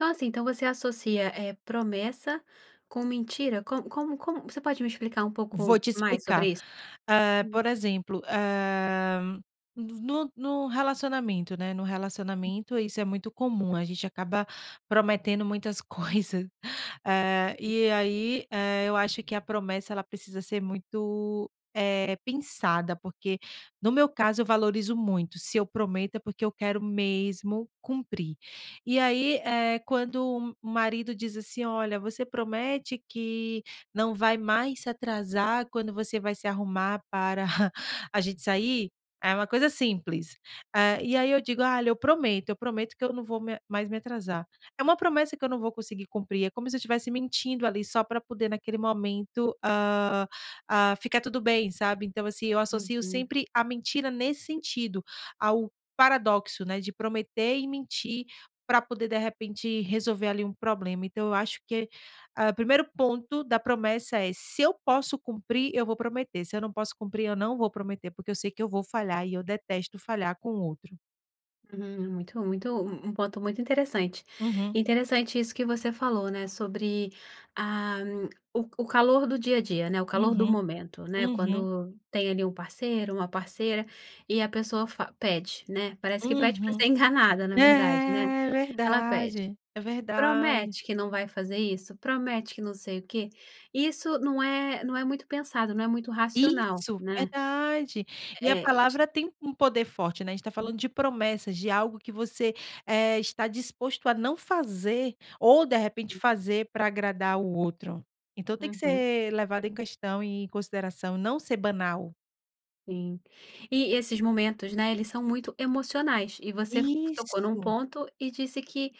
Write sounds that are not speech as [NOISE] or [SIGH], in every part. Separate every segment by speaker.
Speaker 1: Nossa! Então, você associa, eh, promessa com mentira? Como como como você pode me explicar um
Speaker 2: Vou
Speaker 1: pouco
Speaker 2: te
Speaker 1: mais
Speaker 2: explicar.
Speaker 1: sobre isso?
Speaker 2: Eh,
Speaker 1: Hum.
Speaker 2: por exemplo, eh, no v no no relacionamento, né, no relacionamento isso é muito comum, a gente acaba prometendo muitas coisas. É, e aí, eh, eu acho que a promessa, ela precisa ser muito, eh, pensada, porque, no meu caso, eu valorizo muito, se eu prometo, é porque eu quero mesmo cumprir. E aí, eh, quando um marido diz assim: "Olha, você promete que não vai mais se atrasar quando você vai se arrumar para [CHUCKLES] a gente sair?" É uma coisa simples. Eh, e aí eu digo: "Ah, lhe eu prometo, eu prometo que eu não vou me mais me atrasar." É uma promessa que eu não vou conseguir cumprir, é como se eu estivesse mentindo ali só pra poder, naquele momento, ah ah, ficar tudo bem, sabe? Então, assim, eu associo
Speaker 1: Uhum.
Speaker 2: sempre a mentira nesse sentido, ao paradoxo, né, de prometer e mentir pra poder, de repente, resolver ali um problema. Então, eu acho que, ah, primeiro ponto da promessa é: "Se eu posso cumprir, eu vou prometer, se eu não posso cumprir, eu não vou prometer." Porque eu sei que eu vou falhar e eu detesto falhar com o outro.
Speaker 1: Hum, muito muito, um um ponto muito interessante.
Speaker 2: Uhum.
Speaker 1: Interessante isso que você falou, né, sobre, ah, o o calor do dia a dia, né, o calor do
Speaker 2: Uhum.
Speaker 1: momento, né,
Speaker 2: Uhum.
Speaker 1: quando tem ali um parceiro, uma parceira, e a pessoa fa pede, né? Parece que pede pra
Speaker 2: Uhum.
Speaker 1: ser enganada, na verdade, né?
Speaker 2: É,
Speaker 1: Ela pede:
Speaker 2: verdade. É verdade.
Speaker 1: "Promete que não vai fazer isso? Promete que não sei o quê?" Isso não é não é muito pensado, não é muito racional,
Speaker 2: Isso!
Speaker 1: né?
Speaker 2: Verdade. E a
Speaker 1: É, ti
Speaker 2: palavra tem um poder forte, né, a gente está falando de promessas, de algo que você, eh, está disposto a não fazer ou de repente
Speaker 1: [UNINTELLIGIBLE]
Speaker 2: fazer pra agradar o outro. Então, tem que
Speaker 1: Uhum.
Speaker 2: ser levado em questão e em consideração, não ser banal.
Speaker 1: Sim. E esses momentos, né, eles são muito emocionais e você fa tocou num
Speaker 2: Isso.
Speaker 1: ponto e disse que,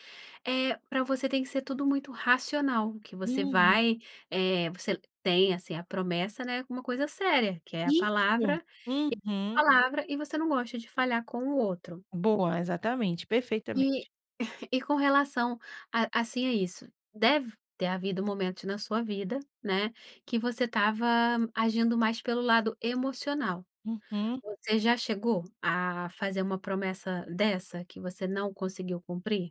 Speaker 1: eh, pra você tem que ser tudo muito racional, que você
Speaker 2: Uhum.
Speaker 1: vai, eh, você l tem, assim, a promessa, né, como uma coisa séria, que é a palavra
Speaker 2: Isso.
Speaker 1: e
Speaker 2: Uhum.
Speaker 1: [UNINTELLIGIBLE] palavra e você não gosta de falhar com o outro.
Speaker 2: Boa. Exatamente.
Speaker 1: E,
Speaker 2: Perfeitamente.
Speaker 1: [CHUCKLES] e com relação a, assim, a isso? Deve ter havido momentos na sua vida, né, que você estava agindo mais pelo lado emocional.
Speaker 2: Uhum.
Speaker 1: Você já chegou a fazer uma promessa dessa que você não conseguiu cumprir?